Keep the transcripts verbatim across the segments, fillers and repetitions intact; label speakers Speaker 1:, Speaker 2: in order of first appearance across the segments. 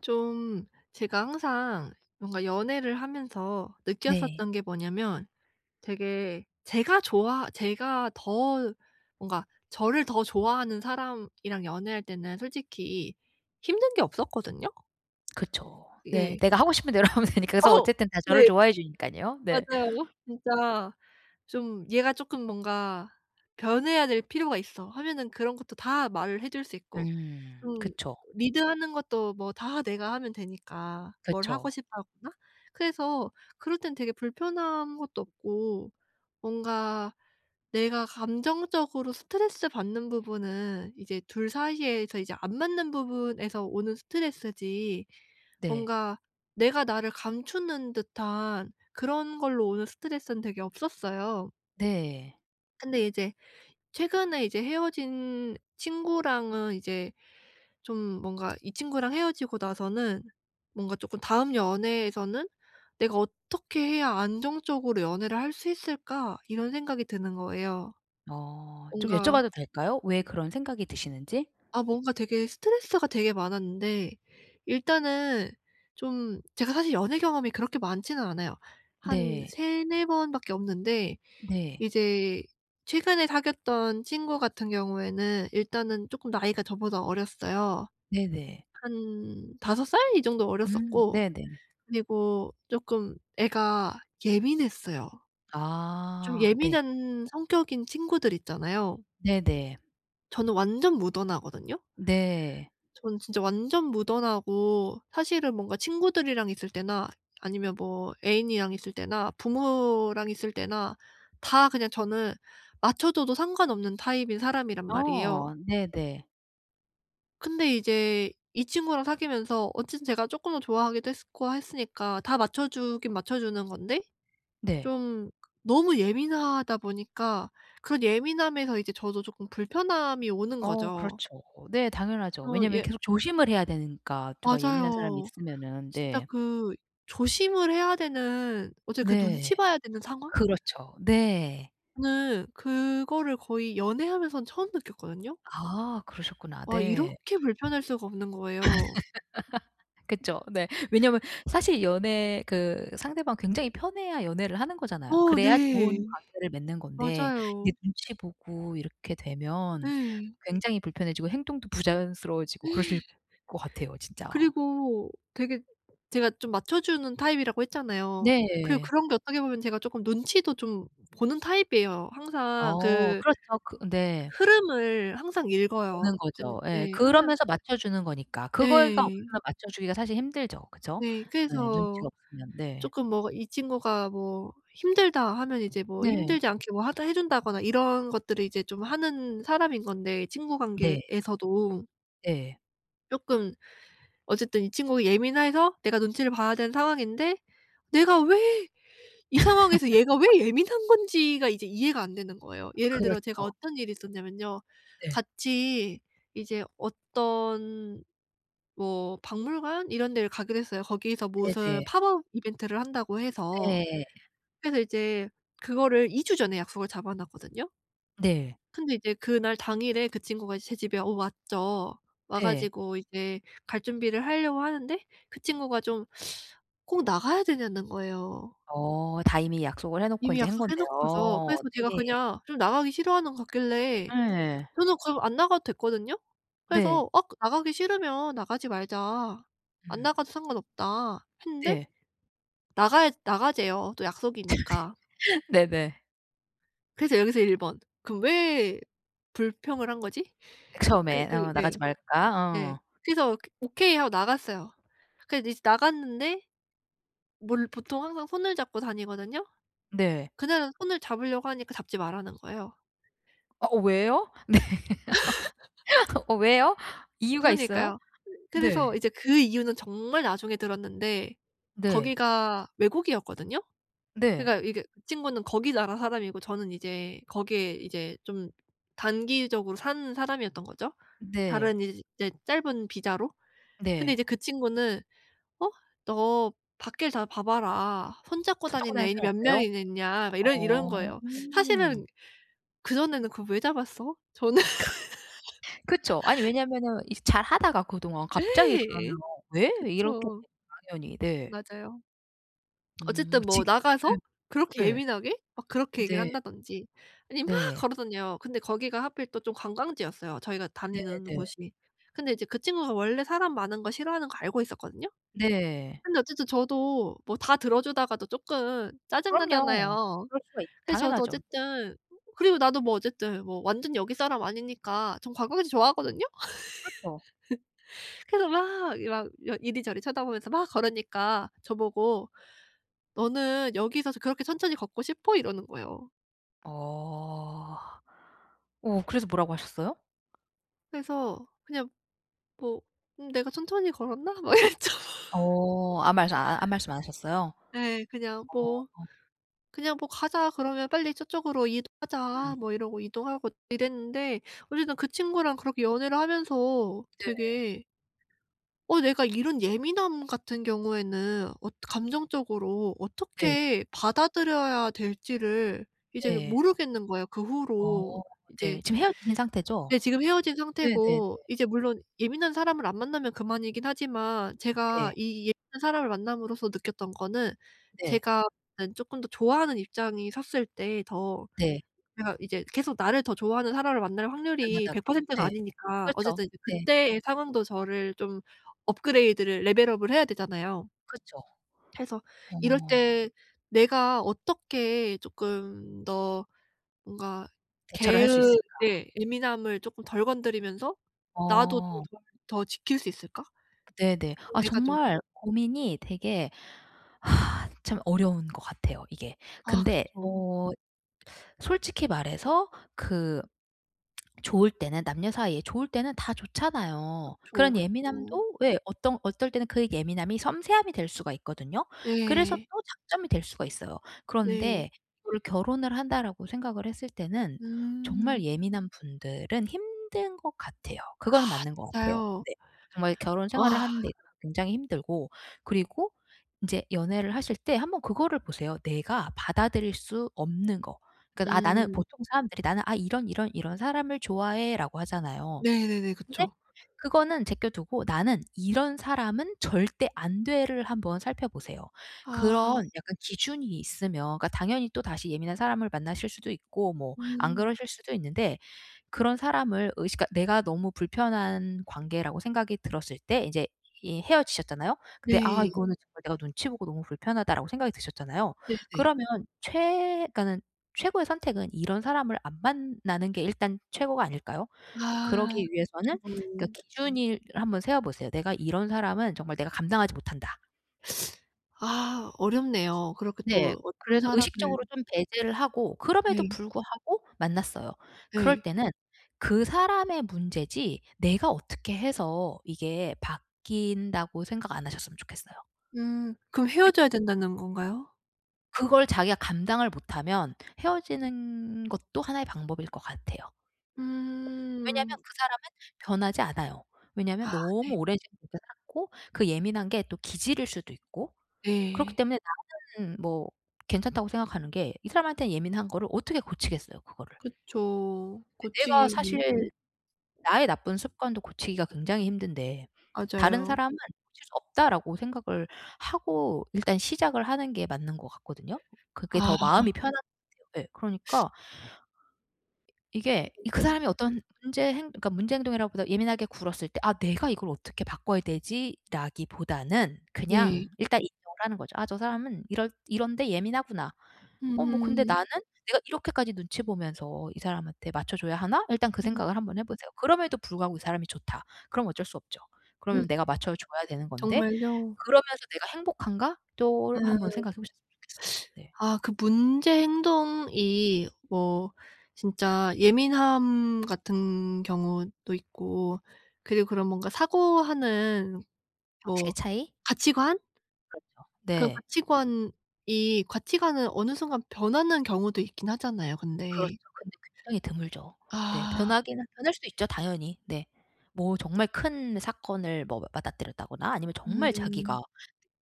Speaker 1: 좀 제가 항상 뭔가 연애를 하면서
Speaker 2: 네.
Speaker 1: 느꼈었던 게 뭐냐면 되게 제가 좋아 제가 더 뭔가 저를 더 좋아하는 사람이랑 연애할 때는 솔직히 힘든 게 없었거든요.
Speaker 2: 그쵸. 네
Speaker 1: 예.
Speaker 2: 내가 하고 싶은 대로 하면 되니까. 그래서
Speaker 1: 어.
Speaker 2: 어쨌든 다 저를
Speaker 1: 네.
Speaker 2: 좋아해 주니깐요. 네.
Speaker 1: 맞아요. 진짜 좀 얘가 "쪼끔 뭔가 변해야 될 필요가 있어." 하면은 그런 것도 다 말을 해줄 수 있고
Speaker 2: 음
Speaker 1: 좀
Speaker 2: 그쵸.
Speaker 1: 리드하는 것도 뭐 다 내가 하면 되니까 뭘 하고
Speaker 2: 그쵸.
Speaker 1: 싶어 하거나 그래서 그럴 때는 되게 불편한 것도 없고 뭔가 내가 감정적으로 스트레스받는 부분은 이제 둘 사이에서 이제 안 맞는 부분에서 오는 스트레스지
Speaker 2: 네.
Speaker 1: 뭔가 내가 나를 감추는 듯한 그런 걸로 오는 스트레스는 되게 없었어요.
Speaker 2: 네.
Speaker 1: 근데 이제 최근에 이제 헤어진 친구랑은 이제 좀 뭔가 이 친구랑 헤어지고 나서는 뭔가 쪼끔 '다음 연애에서는 내가 어떻게 해야 안정적으로 연애를 할 수 있을까?' 이런 생각이 드는 거예요.
Speaker 2: 어. 좀
Speaker 1: 뭔가
Speaker 2: 여쭤봐도 될까요? 왜 그런 생각이 드시는지?
Speaker 1: 아 뭔가 되게 스트레스가 되게 많았는데 일단은 좀 제가 사실 연애 경험이 그렇게 많지는 않아요. 한
Speaker 2: 네.
Speaker 1: 세네 번밖에 없는데
Speaker 2: 네.
Speaker 1: 이제 최근에 사귀었던 친구 같은 경우에는 일단은 쪼끔 나이가 저보다 어렸어요.
Speaker 2: 네네.
Speaker 1: 한 다섯 살? 이 정도
Speaker 2: 음
Speaker 1: 어렸었고
Speaker 2: 네네.
Speaker 1: 그리고 쪼끔 애가 예민했어요. 좀
Speaker 2: 아 네.
Speaker 1: 예민한 성격인 친구들 있잖아요.
Speaker 2: 네네.
Speaker 1: 저는 완전 무던하거든요.
Speaker 2: 네.
Speaker 1: 저는 진짜 완전 무던하고 사실은 뭔가 친구들이랑 있을 때나 아니면 뭐 애인이랑 있을 때나 부모랑 있을 때나 다 그냥 저는 맞춰줘도 상관없는 타입인 사람이란 말이에요.
Speaker 2: 어 네네.
Speaker 1: 근데 이제 이 친구랑 사귀면서 어쨌든 제가 쪼끔은 좋아하기도 했으 고 했으니까 다 맞춰 주긴 맞춰 주는 건데
Speaker 2: 네.
Speaker 1: 좀 너무 예민하다 보니까 그 예민함에서 이제 저도 쪼끔 불편함이 오는
Speaker 2: 어
Speaker 1: 거죠.
Speaker 2: 그렇죠. 네 당연하죠.
Speaker 1: 어
Speaker 2: 왜냐하면
Speaker 1: 예.
Speaker 2: 계속 조심을 해야 되는 까 누가 예민한 사람이
Speaker 1: 맞아요.
Speaker 2: 있으면은.
Speaker 1: 진짜
Speaker 2: 네.
Speaker 1: 그 조심을 해야 되는 어째 그
Speaker 2: 네.
Speaker 1: 눈치 봐야 되는 상황?
Speaker 2: 그렇죠. 네.
Speaker 1: 네. 그거를 거의 연애하면서는 처음 느꼈거든요.
Speaker 2: 아. 그러셨구나.
Speaker 1: 와
Speaker 2: 네.
Speaker 1: 이렇게 불편할 수가 없는 거예요.
Speaker 2: 그쵸. 네. 왜냐하면 사실 연애 그 상대방 굉장히 편해야 연애를 하는 거잖아요.
Speaker 1: 어
Speaker 2: 그래야 좋은
Speaker 1: 네.
Speaker 2: 관계를 맺는 건데 이제
Speaker 1: 맞아요.
Speaker 2: 눈치 보고 이렇게 되면
Speaker 1: 네.
Speaker 2: 굉장히 불편해지고 행동도 부자연스러워지고 그러실 것 같아요 진짜.
Speaker 1: 그리고 되게 제가 좀 맞춰 주는 타입이라고 했잖아요. 그리고
Speaker 2: 네.
Speaker 1: 그런 게 어떻게 보면 제가 쪼끔 눈치도 좀 보는 타입이에요. 항상
Speaker 2: 어
Speaker 1: 그
Speaker 2: 그렇죠. 그 네.
Speaker 1: 흐름을 항상 읽어요.
Speaker 2: 보는
Speaker 1: 근데
Speaker 2: 거죠. 예
Speaker 1: 네 항상
Speaker 2: 그러면서 맞춰 주는 거니까. 그걸가
Speaker 1: 예.
Speaker 2: 없으면 맞춰 주기가 사실 힘들죠 그죠?
Speaker 1: 네.
Speaker 2: 네
Speaker 1: 그래서
Speaker 2: 눈치가 없으면 네.
Speaker 1: ...쪼끔 뭐가 이 친구가 뭐 "힘들다." 하면 이제 뭐
Speaker 2: 네.
Speaker 1: 힘들지 않게 뭐 하다 해 준다거나 이런 것들을 이제 좀 하는 사람인 건데 친구
Speaker 2: 네.
Speaker 1: 관계에서도.
Speaker 2: 예.
Speaker 1: 쪼끔 어쨌든 이 친구가 예민해서 내가 눈치를 봐야 되는 상황인데 내가 왜 이 상황에서 얘가 왜 예민한 건지가 이제 이해가 안 되는 거예요. 예를 들어 제가
Speaker 2: 그렇죠.
Speaker 1: 어떤 일이 있었냐면요.
Speaker 2: 네.
Speaker 1: 같이 이제 어떤 뭐 박물관 이런 데를 가기로 했어요. 거기서 무슨
Speaker 2: 네네.
Speaker 1: "팝업 이벤트를 한다."고 해서
Speaker 2: 네.
Speaker 1: 그래서 이제 그거를 이 주 전에 약속을 잡아 놨거든요.
Speaker 2: 네.
Speaker 1: 근데 이제 그날 당일에 그 친구가 제 집에 어 왔죠. 와
Speaker 2: 네.
Speaker 1: 가지고 이제 갈 준비를 하려고 하는데 그 친구가 좀 "꼭 나가야 되냐?"는 거예요.
Speaker 2: 어 다 이미 약속을 해 놓고
Speaker 1: 이미
Speaker 2: 인제 한
Speaker 1: 약속해 놓고서.
Speaker 2: 건데요.
Speaker 1: 그래서 제가
Speaker 2: 네.
Speaker 1: 그냥 좀 나가기 싫어하는 거 같길래
Speaker 2: 예.
Speaker 1: 저는 그럼 안 나가도 됐거든요.
Speaker 2: 네.
Speaker 1: 그래서 "어 나가기 싫으면 나가지 말자. 안
Speaker 2: 음.
Speaker 1: 나가도 상관 없다." 했는데
Speaker 2: 네.
Speaker 1: 나가야 "나가재요. 또 약속이니까."
Speaker 2: 네네.
Speaker 1: 그래서 여기서 일 번. '그럼 왜 불평을 한 거지?' 그
Speaker 2: 처음에
Speaker 1: 그
Speaker 2: 어.
Speaker 1: 네.
Speaker 2: "나가지 말까?"
Speaker 1: 네.
Speaker 2: 어.
Speaker 1: 그래서 "오케이." 하고 나갔어요. 그래서 이제 나갔는데 뭘 보통 항상 손을 잡고 다니거든요.
Speaker 2: 네.
Speaker 1: 그날은 손을 잡으려고 하니까 "잡지 마라."는 거예요.
Speaker 2: 어 왜요? 네. 어 왜요? 이유가 있어요?
Speaker 1: 그러니까요. 그래서
Speaker 2: 네.
Speaker 1: 이제 그 이유는 정말 나중에 들었는데
Speaker 2: 네.
Speaker 1: 거기가 외국이었거든요.
Speaker 2: 네.
Speaker 1: 그러니까 이게 그 친구는 거기 나라 사람이고 저는 이제 거기에 이제 좀 단기적으로 산 사람이었던 거죠.
Speaker 2: 네.
Speaker 1: 다른 이제 짧은 비자로. 근데
Speaker 2: 네.
Speaker 1: 이제 그 친구는 어? "너 밖에 다 봐 봐라. 손 잡고
Speaker 2: 손 잡고
Speaker 1: 다니는
Speaker 2: 다니는
Speaker 1: 애인이
Speaker 2: 사람
Speaker 1: 몇
Speaker 2: 없대요?
Speaker 1: 명이나 있냐?" 막 이러 이러는
Speaker 2: 어.
Speaker 1: 거예요. 사실은 '그전에는 그거 왜 잡았어?' 저는.
Speaker 2: 그쵸. 아니 왜냐하면은 이 잘 하다가 그동안 갑자기 그러면
Speaker 1: 예
Speaker 2: "왜?" 이렇게
Speaker 1: 그쵸.
Speaker 2: 되죠 당연히. 네.
Speaker 1: 맞아요.
Speaker 2: 음
Speaker 1: 어쨌든 뭐
Speaker 2: 직
Speaker 1: 나가서
Speaker 2: 예.
Speaker 1: 그렇게
Speaker 2: 예.
Speaker 1: 예민하게 막 그렇게 얘기를
Speaker 2: 네.
Speaker 1: 한다든지 아니면 막
Speaker 2: 네.
Speaker 1: 걸어 다녀요. 근데 거기가 하필 또 좀 관광지였어요 저희가 다니는
Speaker 2: 네네.
Speaker 1: 곳이. 근데 이제 그 친구가 원래 사람 많은 거 싫어하는 거 알고 있었거든요.
Speaker 2: 네.
Speaker 1: 근데 어쨌든 저도 뭐 다 들어 주다가도 조금 짜증
Speaker 2: 그럼요.
Speaker 1: 나잖아요.
Speaker 2: 그럴 수가 있죠.
Speaker 1: 그래서 저도
Speaker 2: 당연하죠.
Speaker 1: 어쨌든 그리고 나도 뭐 어쨌든 뭐 완전 여기 사람 아니니까 전 관광지 좋아하거든요.
Speaker 2: 그쵸.
Speaker 1: 그래서 막 막 이리 저리 쳐다보면서 막 걸으니까 저 보고 "너는 여기서 그렇게 천천히 걷고 싶어?" 이러는 거예요.
Speaker 2: 어. 어 그래서 뭐라고 하셨어요?
Speaker 1: 그래서 그냥 뭐 음 '내가 천천히 걸었나?' 막 이랬죠.
Speaker 2: 어. 아무 말씀 아 아무 말씀 안 하셨어요?
Speaker 1: 예. 그냥 뭐
Speaker 2: 어.
Speaker 1: 그냥 뭐 "가자." 그러면 "빨리 저쪽으로
Speaker 2: 음.
Speaker 1: 이동하자." 뭐 이러고 이동하고 이랬는데 어쨌든 그 친구랑 그렇게 연애를 하면서
Speaker 2: 네.
Speaker 1: 되게 어 내가 이런 예민함 같은 경우에는 엇 감정적으로
Speaker 2: 네.
Speaker 1: 어떻게 받아들여야 될지를 이제
Speaker 2: 네.
Speaker 1: 모르겠는 거야. 그
Speaker 2: 어.
Speaker 1: 후로 이제
Speaker 2: 네 지금 헤어지신 상태죠?
Speaker 1: 네 지금 헤어진
Speaker 2: 네네네.
Speaker 1: 상태고 이제 물론 예민한 사람을 안 만나면 그만이기는 하지만 제가
Speaker 2: 네.
Speaker 1: 이 예민한 사람을 만남으로써 느꼈던 거는
Speaker 2: 네.
Speaker 1: 제가 음 쪼끔 더 좋아하는 입장이 섰을 때 더
Speaker 2: 네.
Speaker 1: 제가 이제 계속 나를 더 좋아하는 사람을 만날 확률이
Speaker 2: 안하다가
Speaker 1: 백 퍼센트 가
Speaker 2: 네.
Speaker 1: 아니니까
Speaker 2: 그렇죠.
Speaker 1: 어쨌든 이
Speaker 2: 네.
Speaker 1: 그때의 상황도 저를 좀 업그레이드를 레벨 업을 해야 되잖아요.
Speaker 2: 그쵸.
Speaker 1: 해서 이럴
Speaker 2: 어.
Speaker 1: 때 내가 어떻게 쪼끔 더 뭔가
Speaker 2: 대처를 할
Speaker 1: 걔의
Speaker 2: 수 있을까?
Speaker 1: 예 예민함을 쪼끔 덜 건드리면서 나도 좀
Speaker 2: 어.
Speaker 1: 더 더 지킬 수 있을까?
Speaker 2: 네네.
Speaker 1: 좀
Speaker 2: 아
Speaker 1: 내가 좀
Speaker 2: 정말 고민이 되게 참 어려운 것 같아요 이게.
Speaker 1: 아
Speaker 2: 근데
Speaker 1: 그쵸.
Speaker 2: 어 솔직히 말해서 그 좋을 때는 남녀 사이에 좋을 때는 다 좋잖아요.
Speaker 1: 그쵸,
Speaker 2: 그런
Speaker 1: 그쵸.
Speaker 2: 예민함도 예 어떤 어떨 때는 그 예민함이 섬세함이 될 수가 있거든요. 그래서
Speaker 1: 예.
Speaker 2: 또 장점이 될 수가 있어요.
Speaker 1: 네.
Speaker 2: 그런데 이거를 '결혼을 한다.'라고 생각을 했을 때는 정말
Speaker 1: 음.
Speaker 2: 예민한 분들은 힘든 것 같아요.
Speaker 1: 아
Speaker 2: 그거는 맞는 것 같아요
Speaker 1: 진짜요.
Speaker 2: 네. 정말 결혼 생활을
Speaker 1: 아.
Speaker 2: 하는 데 굉장히 힘들고 그리고 인제 연애를 하실 때 한번 그거를 보세요 내가 받아들일 수 없는 거. 그 아 나는
Speaker 1: 음.
Speaker 2: 보통 사람들이 '나는 아 이런 이런 이런 사람을 좋아해.'라고 하잖아요.
Speaker 1: 네네네.
Speaker 2: 근데
Speaker 1: 그쵸.
Speaker 2: 그거는 제껴 두고 '나는 이런 사람은 절대 안 돼.'를 한번 살펴 보세요.
Speaker 1: 아.
Speaker 2: 그런 약간 기준이 있으면 그러니까 당연히 또다시 예민한 사람을 만나실 수도 있고 뭐 안
Speaker 1: 음.
Speaker 2: 그러실 수도 있는데 그런 사람을 의식 그러니까 내가 너무 불편한 관계라고 생각이 들었을 때 이제 이 헤어지셨잖아요. 근데 '아
Speaker 1: 네.
Speaker 2: 이거는 정말 내가 눈치 보고 너무 불편하다.'라고 생각이 드셨잖아요.
Speaker 1: 네네.
Speaker 2: 그러면 최 그러니까는 최고의 선택은 이런 사람을 안 만나는 게 일단 최고가 아닐까요?
Speaker 1: 아.
Speaker 2: 그러기 위해서는 그러니까
Speaker 1: 그쵸.
Speaker 2: 기준일 한번 세워 보세요. '내가 이런 사람은 정말 내가 감당하지 못한다.'
Speaker 1: 아 어렵네요. 그렇게
Speaker 2: 네.
Speaker 1: 또 어떤
Speaker 2: 그래서
Speaker 1: 사람은
Speaker 2: 의식적으로 좀 배제를 하고 그럼에도
Speaker 1: 네.
Speaker 2: 불구하고 만났어요. 그럴
Speaker 1: 네.
Speaker 2: 때는 '그 사람의 문제지 내가 어떻게 해서 이게 바뀐다.'고 생각 안 하셨으면 좋겠어요.
Speaker 1: 음 그럼
Speaker 2: 네.
Speaker 1: 헤어져야 된다는 건가요?
Speaker 2: 그걸 자기가 감당을 못하면 헤어지는 것도 하나의 방법일 것 같아요. 왜냐면
Speaker 1: 음.
Speaker 2: 그 사람은 변하지 않아요.
Speaker 1: 아
Speaker 2: 왜냐면
Speaker 1: 네.
Speaker 2: 너무 오랜 시간 그렇게 살았고 그 예민한 게 또 기질일 수도 있고 그렇기
Speaker 1: 네.
Speaker 2: 때문에 나는 뭐 괜찮다고 생각하는 게 이 사람한테는 예민한 거를 어떻게 고치겠어요 그거를.
Speaker 1: 그쵸.
Speaker 2: 내가
Speaker 1: 고치기 문제.
Speaker 2: 사실 나의 나쁜 습관도 고치기가 굉장히 힘든데 '다른
Speaker 1: 맞아요.
Speaker 2: 사람은 고칠 수 없다.'라고 생각을 하고 일단 시작을 하는 게 맞는 것 같거든요. 그게
Speaker 1: 아.
Speaker 2: 더 마음이 편할 예. 그러니까 이게
Speaker 1: [unintelligible]
Speaker 2: 이 그
Speaker 1: 예.
Speaker 2: 사람이 어떤 문제 행 그러니까 문제 행동이라기 보다 예민하게 굴었을 때 '아 내가 이걸 어떻게 바꿔야 되지?'라기보다는 그냥
Speaker 1: 네.
Speaker 2: 일단 인정을 하는 거죠. 아 저 사람은 이럴 '이런 데 예민하구나. 어 뭐 근데
Speaker 1: 음.
Speaker 2: 나는 내가 이렇게까지 눈치 보면서 이 사람한테 맞춰 줘야 하나?' 일단 그
Speaker 1: 음
Speaker 2: 생각을 한번 해 보세요. 그럼에도 불구하고 '이 사람이 좋다.' 그럼 어쩔 수 없죠. 그러면 내가 맞춰 줘야 되는 건데
Speaker 1: 정말요?
Speaker 2: 그러면서 '내가 행복한가?' 또 한번
Speaker 1: 음.
Speaker 2: 생각해 보셨으면 좋겠어요. 네.
Speaker 1: 아 그 문제 행동이 뭐 진짜 예민함 같은 경우도 있고 그리고 그런 뭔가 사고하는
Speaker 2: 방식의
Speaker 1: 뭐
Speaker 2: 차이?
Speaker 1: 가치관?
Speaker 2: 그렇죠.
Speaker 1: 그
Speaker 2: 네.
Speaker 1: 가치관이 가치관은 어느 순간 변하는 경우도 있기는 하잖아요
Speaker 2: 그렇죠.
Speaker 1: 근데.
Speaker 2: 근데 굉장히 드물죠. 네.
Speaker 1: 아.
Speaker 2: 변하기는 변할 수도 있죠. 당연히 네. 뭐 정말 큰 사건을 뭐 맞닥뜨렸다거나 아니면 정말
Speaker 1: 음.
Speaker 2: 자기가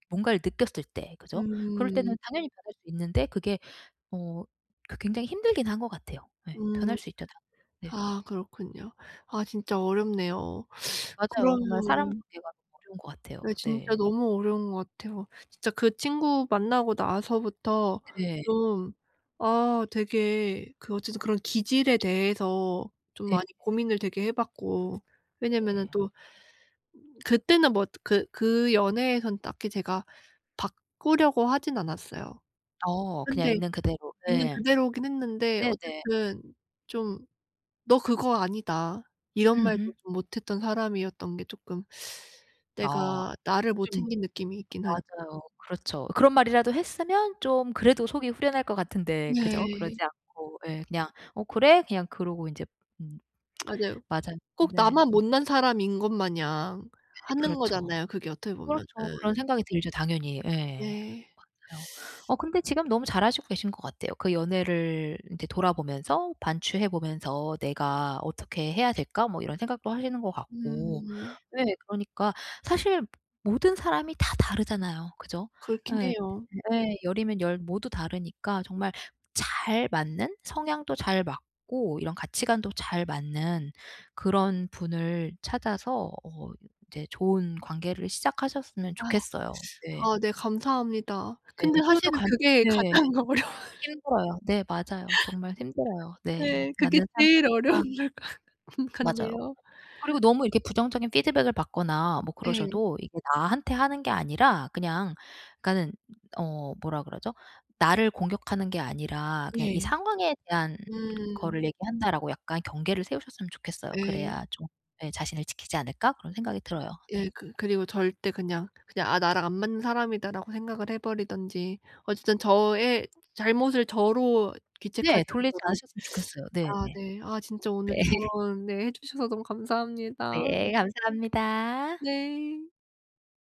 Speaker 2: 뭔가를 느꼈을 때 그죠? 그럴 때는
Speaker 1: 음.
Speaker 2: 당연히 변할 수 있는데 그게 어 그 굉장히 힘들기는 한 것 같아요. 예
Speaker 1: 음.
Speaker 2: 변할 수 있죠 당연히. 네.
Speaker 1: 아 그렇군요. 아 진짜 어렵네요.
Speaker 2: 맞아요. 정말 사람
Speaker 1: 그러면
Speaker 2: 관계가 어려운 것 같아요.
Speaker 1: 네 진짜
Speaker 2: 네.
Speaker 1: 너무 어려운 거 같아요. 진짜 그 친구 만나고 나서부터
Speaker 2: 네.
Speaker 1: 좀 아 되게 그 어쨌든 그런 기질에 대해서 좀
Speaker 2: 네.
Speaker 1: 많이 고민을 되게 해 봤고 왜냐하면은
Speaker 2: 네.
Speaker 1: 또 그때는 뭐 그 그 연애에선 딱히 제가 바꾸려고 하지는 않았어요.
Speaker 2: 어 그냥
Speaker 1: 근데
Speaker 2: 있는 그대로.
Speaker 1: 있는
Speaker 2: 예.
Speaker 1: 그대로기는 했는데
Speaker 2: 네네.
Speaker 1: 어쨌든 좀 "너 그거 아니다." 이런 말도
Speaker 2: 으흠.
Speaker 1: 좀 못 했던 사람이었던 게 쪼끔
Speaker 2: 아
Speaker 1: 내가 나를 못
Speaker 2: 좀
Speaker 1: 챙긴 느낌이 있기는 하
Speaker 2: 맞아요. 그렇죠. 그런 말이라도 했으면 좀 그래도 속이 후련할 것 같은데 그죠? 그러지
Speaker 1: 네.
Speaker 2: 않고 예. 그냥 "어 그래?" 그냥 그러고 인제 음.
Speaker 1: 맞아요.
Speaker 2: 맞아요.
Speaker 1: 꼭
Speaker 2: 네.
Speaker 1: 나만 못난 사람인 것 마냥 하는
Speaker 2: 그렇죠.
Speaker 1: 거잖아요 그게 어떻게 보면은.
Speaker 2: 그렇죠 그런 생각이 들죠 당연히 예.
Speaker 1: 네.
Speaker 2: 맞아요. 어 근데 지금 너무 잘 하시고 계신 것 같아요. 그 연애를 인제 돌아보면서 반추해 보면서 '내가 어떻게 해야 될까?' 뭐 이런 생각도 하시는 것 같고.
Speaker 1: 음.
Speaker 2: 네 그러니까 사실 모든 사람이 다 다르잖아요 그죠?
Speaker 1: 그렇기는
Speaker 2: 예.
Speaker 1: 해요.
Speaker 2: 예. 열 이면 열 모두 다르니까 정말 잘 맞는 성향도 잘 맞고 이런 가치관도 잘 맞는 그런 분을 찾아서 어 이제 좋은 관계를 시작하셨으면
Speaker 1: 아.
Speaker 2: 좋겠어요. 네.
Speaker 1: 아 네 감사합니다.
Speaker 2: 네.
Speaker 1: 근데
Speaker 2: 그리고 또
Speaker 1: 사실은
Speaker 2: 감
Speaker 1: 그게
Speaker 2: 네.
Speaker 1: 가장 어려워.
Speaker 2: 힘들어요. 네 맞아요. 정말 힘들어요. 네.
Speaker 1: 네 그게
Speaker 2: 맞는 사람
Speaker 1: 제일 어려운
Speaker 2: 자체가...
Speaker 1: 것 같
Speaker 2: 맞아요.
Speaker 1: 같네요.
Speaker 2: 그리고 너무 이렇게 부정적인 피드백을 받거나 뭐
Speaker 1: 네.
Speaker 2: 그러셔도 이게 나한테 하는 게 아니라 그냥 그러니까는 어 뭐라 그러죠? 나를 공격하는 게 아니라 그냥 '이
Speaker 1: 예.
Speaker 2: 상황에 대한
Speaker 1: 음.
Speaker 2: 거를 얘기한다.'라고 약간 경계를 세우셨으면 좋겠어요.
Speaker 1: 네.
Speaker 2: 그래야 좀 예 '자신을 지키지 않을까?' 그런 생각이 들어요. 네.
Speaker 1: 예 그 그리고 절대 그냥 그냥 '아 나랑 안 맞는 사람이다.'라고 생각을 해 버리든지 어쨌든 저의 잘못을 저로 귀책하지
Speaker 2: 네 돌리지
Speaker 1: 않도록
Speaker 2: 않으셨으면 좋겠어요. 네네.
Speaker 1: 아 네 아 진짜
Speaker 2: 네.
Speaker 1: 오늘 조언 네 해주셔서 너무 감사합니다.
Speaker 2: 네 감사합니다.
Speaker 1: 네.